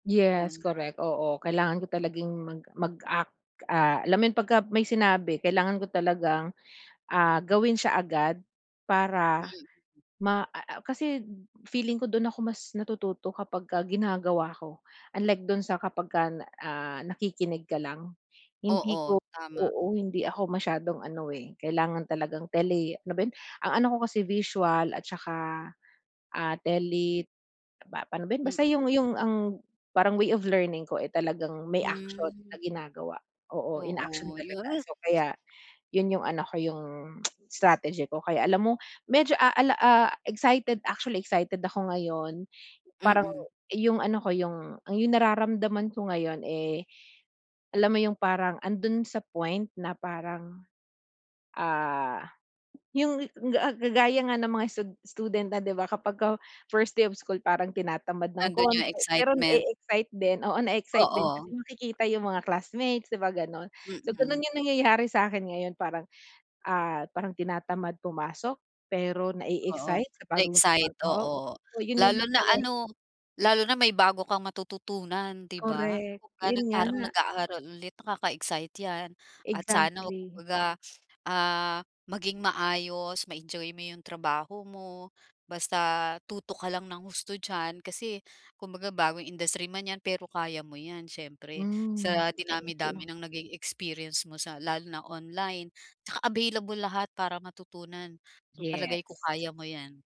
Yes, Yun. correct, oo kailangan ko talagang mag mag-act, ah, alam mo 'yung, pagka may sinabi kailangan ko talagang, ah, gawin siya agad. Para, [unintelligible] ma a a kasi feeling ko dun ako mas natututo kapagka ginagawa ko. Unlike dun sa kapagka na ah, nakikinig ka lang, hindi Oo, ko tama. oo, hindi ako masyadong ano eh, kailangan talagang teli ano ba yun? Ang ano ko kasi visual at saka, ah, Mm. telip pa pano ba 'yun? Basta Mm. 'yung 'yung ang parang way of learning ko, eh, talagang may actual Hmm. na ginagawa. Oo, in action Oo, yu talaga. mm. So, kaya, 'yun 'yung ano ko, 'yung strategy ko kaya alam mo, medyo ah ah la ah, excited, actually excited ako ngayon. Parang Mm. iyung ano ko 'yung, ang 'yung nararamdaman ko ngayon, eh, alam mo 'yung parang, andun sa point na parang, ah, 'yung ga a ga gaya nga ng mga stud student na, 'di ba, kapagka first day of school parang tinatamad ng Nandun konti 'yung pero excitement. na-e-excite din, oo na-e-excite din kasi Oo. makikita yung mga classmates, 'di ba, ganun? So, Mm. ganun yung nangyayari sa akin ngayon parang, ah, parang tinatamad pumasok, pero Oo, na-e-excite sa bagong na-excite, trabaho, oo. 'yun 'yung Lalo na talagang ano, lalo na may bago kang matututunan, di ba? Correct, 'yun Lalo't parang nga. nag-aaral ulit, nakaka-excite yan, at sana huwag Exactly. kumbaga, ah, maging maayos, ma-enjoy mo 'yung trabaho mo, basta tutok ka lang ng husto diyan. Kasi, kumbaga bagong industry man 'yan, pero kaya mo 'yan siyempre. Hmm, Sa thank dinami-dami you. ng naging experience mo sa lalo na online. 'Tsaka available lahat para matutunan, so, Yes. palagay ko kaya mo yan.